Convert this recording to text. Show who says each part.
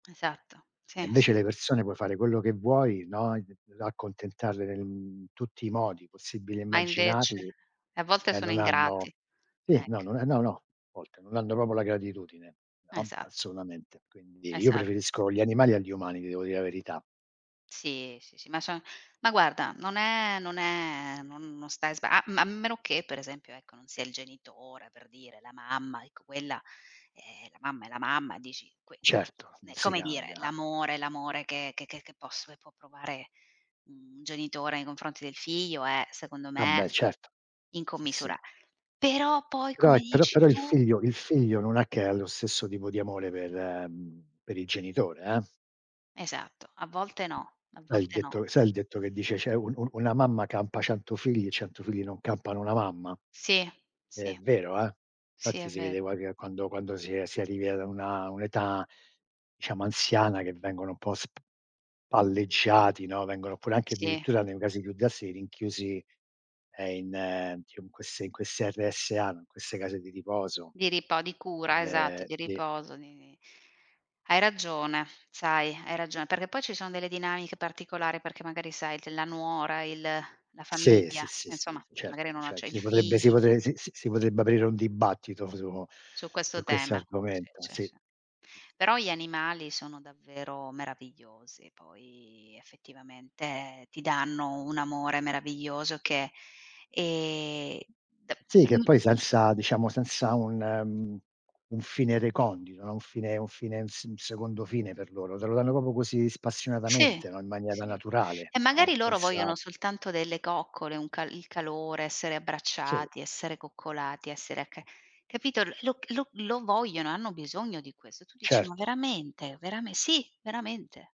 Speaker 1: Esatto,
Speaker 2: E
Speaker 1: sì,
Speaker 2: invece
Speaker 1: sì.
Speaker 2: le persone puoi fare quello che vuoi, no, ehm accontentarle, mhmm, in tutti i modi possibili e
Speaker 1: Ma invece,
Speaker 2: immaginabili
Speaker 1: a volte
Speaker 2: e
Speaker 1: sono
Speaker 2: non
Speaker 1: ingrati,
Speaker 2: hanno sì, no,
Speaker 1: ec
Speaker 2: non ehm, no, no, a volte non hanno proprio la gratitudine. No,
Speaker 1: Esatto.
Speaker 2: assolutamente. Quindi io
Speaker 1: Esatt
Speaker 2: preferisco gli animali agli umani, ti devo dire la verità.
Speaker 1: Sì, sì, sì, ma so ma guarda, non è non è non non stai sba a m ma a meno che per esempio, ecco, non sia il genitore per dire, la mamma, ecco quella "Eh, è la mamma è la mamma." Dici. Qui,
Speaker 2: Certo,
Speaker 1: ehm,
Speaker 2: non
Speaker 1: è
Speaker 2: si
Speaker 1: come dire
Speaker 2: cambia.
Speaker 1: l'amore. L'amore che che che posso e può provare un genitore nei confronti del figlio è, secondo
Speaker 2: Vabbè
Speaker 1: me,
Speaker 2: certo. Sì, sì.
Speaker 1: incommisura Però, poi,
Speaker 2: Però
Speaker 1: come
Speaker 2: però
Speaker 1: dici
Speaker 2: però il
Speaker 1: tu
Speaker 2: figlio il figlio non è che lo stesso tipo di amore per ehm, per il genitore, eh!
Speaker 1: Esatto, a volte no. A
Speaker 2: Sai il
Speaker 1: volte no.
Speaker 2: detto sai il detto che dice cioè: "Un un una mamma campa 100 figli e 100 non campano una mamma".
Speaker 1: Sì,
Speaker 2: È
Speaker 1: sì,
Speaker 2: vero, eh!
Speaker 1: sì
Speaker 2: Infatti
Speaker 1: è
Speaker 2: si vede
Speaker 1: vero.
Speaker 2: qua che quando quando si è si arrivi a una un'età diciamo anziana che vengono un po' spalleggiati, no. Vengono pure anche
Speaker 1: Si.
Speaker 2: addirittura nei casi più drastici rinchiusi, ehm, in ehm, in queste in queste RSA, in queste case di riposo.
Speaker 1: Di ripa o di cura,
Speaker 2: Ed
Speaker 1: esatto,
Speaker 2: è
Speaker 1: di
Speaker 2: sì
Speaker 1: riposo, di di hai ragione, sai. Hai ragione, perché poi ci sono delle dinamiche particolari perché magari sai della nuora, il la
Speaker 2: Sì,
Speaker 1: famiglia,
Speaker 2: sì, sì,
Speaker 1: insomma
Speaker 2: sì,
Speaker 1: che
Speaker 2: certo,
Speaker 1: magari non
Speaker 2: cer
Speaker 1: acce i
Speaker 2: si potrebbe si
Speaker 1: figli.
Speaker 2: potrebbe si si si potrebbe aprire un dibattito su
Speaker 1: Su
Speaker 2: su
Speaker 1: questo
Speaker 2: questo
Speaker 1: tema. Si,
Speaker 2: argomento.
Speaker 1: sì,
Speaker 2: Sì. Sì, sì,
Speaker 1: si.
Speaker 2: sì.
Speaker 1: Però gli animali sono davvero meravigliosi, poi effettivamente ti danno un amore meraviglioso che ehm, de
Speaker 2: Sì, che
Speaker 1: mh
Speaker 2: poi senza diciamo, senza un mhmm, un fine recondito, no. Un fine un fine, un s un secondo fine per loro. Te lo danno proprio così
Speaker 1: Sì,
Speaker 2: spassionatamente, no, in maniera
Speaker 1: sì.
Speaker 2: naturale,
Speaker 1: E
Speaker 2: no,
Speaker 1: magari loro
Speaker 2: senza
Speaker 1: vogliono soltanto delle coccole, un ca il calore, essere
Speaker 2: Si.
Speaker 1: abbracciati, essere coccolati, essere acca capito. Lo lo lo vogliono, hanno bisogno di questo. Tu dici: "Ma
Speaker 2: Certo.
Speaker 1: veramente? Verame", sì, veramente.